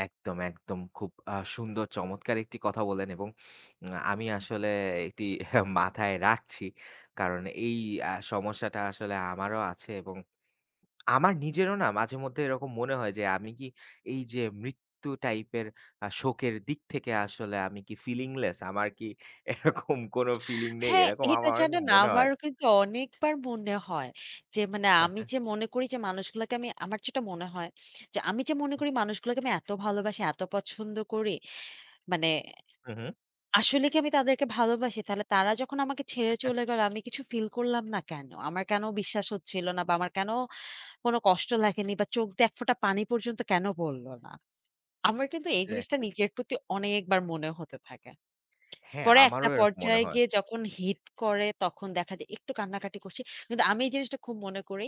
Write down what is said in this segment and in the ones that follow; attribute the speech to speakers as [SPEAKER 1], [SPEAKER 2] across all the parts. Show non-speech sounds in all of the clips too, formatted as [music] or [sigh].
[SPEAKER 1] একদম, একদম। খুব আ সুন্দর চমৎকার একটি কথা বললেন এবং [tsk] আমি আসলে এটি [chuckles] মাথায় রাখছি। কারণ এই আ সমস্যাটা আসলে আমারও আছে এবং [tsk] আমার নিজেরও না মাঝেমধ্যে এরকম মনে হয় যে, আমি কি এইযে মৃত্যু টাইপের আ শোকের দিক থেকে আসলে আমি কি feelingless? আমার কি এরকম কোন feeling নেই?
[SPEAKER 2] হ্যাঁ,
[SPEAKER 1] এরকম
[SPEAKER 2] এটা
[SPEAKER 1] আমার
[SPEAKER 2] জানেন
[SPEAKER 1] মনে
[SPEAKER 2] আমার
[SPEAKER 1] হয়।
[SPEAKER 2] কিন্তু অনেকবার মনে হয় যে, মানে
[SPEAKER 1] হ্যাঁ,
[SPEAKER 2] আমি
[SPEAKER 1] হ্যাঁ।
[SPEAKER 2] যে, মনে করি যে, মানুষগুলোকে আমি আমার যেটা মনে হয় যে, আমি যে, মনে করি "মানুষগুলোকে আমি এত ভালোবাসি, এত পছন্দ করি মানে
[SPEAKER 1] হুম, হুম।
[SPEAKER 2] আসলে কি আমি তাদেরকে ভালোবাসি? তাহলে তারা যখন আমাকে ছেড়ে
[SPEAKER 1] হ্যাঁ, হ্যাঁ।
[SPEAKER 2] চলে গেল আমি কিছু feel করলাম না কেন? আমার কেন বিশ্বাস হচ্ছিল না বা আমার কেন কোন কষ্ট লাগেনি বা চোখ দিয়ে এক ফোঁটা পানি পর্যন্ত কেন পড়লো না?" আমার কিন্তু এই জিনিসটা
[SPEAKER 1] এক্সাক্টলি।
[SPEAKER 2] নিজের প্রতি অনেকবার মনে হতে থাকে। [tsk]
[SPEAKER 1] হ্যাঁ,
[SPEAKER 2] পরে একটা
[SPEAKER 1] আমারও এরকম মনে
[SPEAKER 2] পর্যায়ে
[SPEAKER 1] হয়।
[SPEAKER 2] গিয়ে যখন hit করে তখন দেখা যায় একটু কান্নাকাটি করছি। কিন্তু আমি এই জিনিসটা খুব মনে করি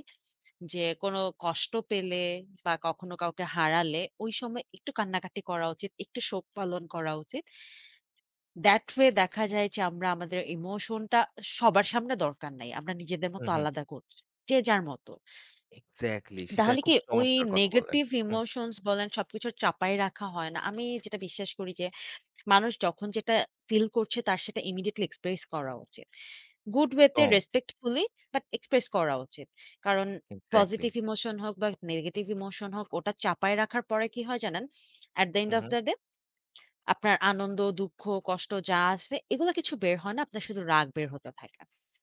[SPEAKER 2] যে, কোন কষ্ট পেলে বা কখনো কাউকে হারালে ওই সময় একটু কান্নাকাটি করা উচিত, একটু শোক পালন করা উচিত। That way দেখা যায় যে, আমরা আমাদের emotion টা সবার সামনে দরকার নাই। আমরা নিজেদের মত
[SPEAKER 1] হুম, হুম।
[SPEAKER 2] আলাদা করছি। যে, যার মত।
[SPEAKER 1] এক্সাক্টলি সেটা
[SPEAKER 2] তাহলে
[SPEAKER 1] খুব
[SPEAKER 2] কি ওই
[SPEAKER 1] চমৎকার কথা বললেন।
[SPEAKER 2] negetive
[SPEAKER 1] হুম।
[SPEAKER 2] emotions বলেন সবকিছু চাপায় রাখা হয় না। আমি যেটা বিশ্বাস করি যে, মানুষ যখন যেটা feel করছে তার সেটা imidiateltly express করা উচিত। Good way তে
[SPEAKER 1] দম।
[SPEAKER 2] respectfully বাট express করা উচিত। কারণ
[SPEAKER 1] এক্সাক্টলি।
[SPEAKER 2] positive emotion হোক বা negetive emotion হোক ওটা চাপায় রাখার পরে কি হয় জানেন? At the end
[SPEAKER 1] hmm,
[SPEAKER 2] of
[SPEAKER 1] hmm.
[SPEAKER 2] the day আপনার আনন্দ, দুঃখ, কষ্ট যা আছে এগুলো কিছু বের হয় না। আপনার শুধু রাগ বের হতে থাকে।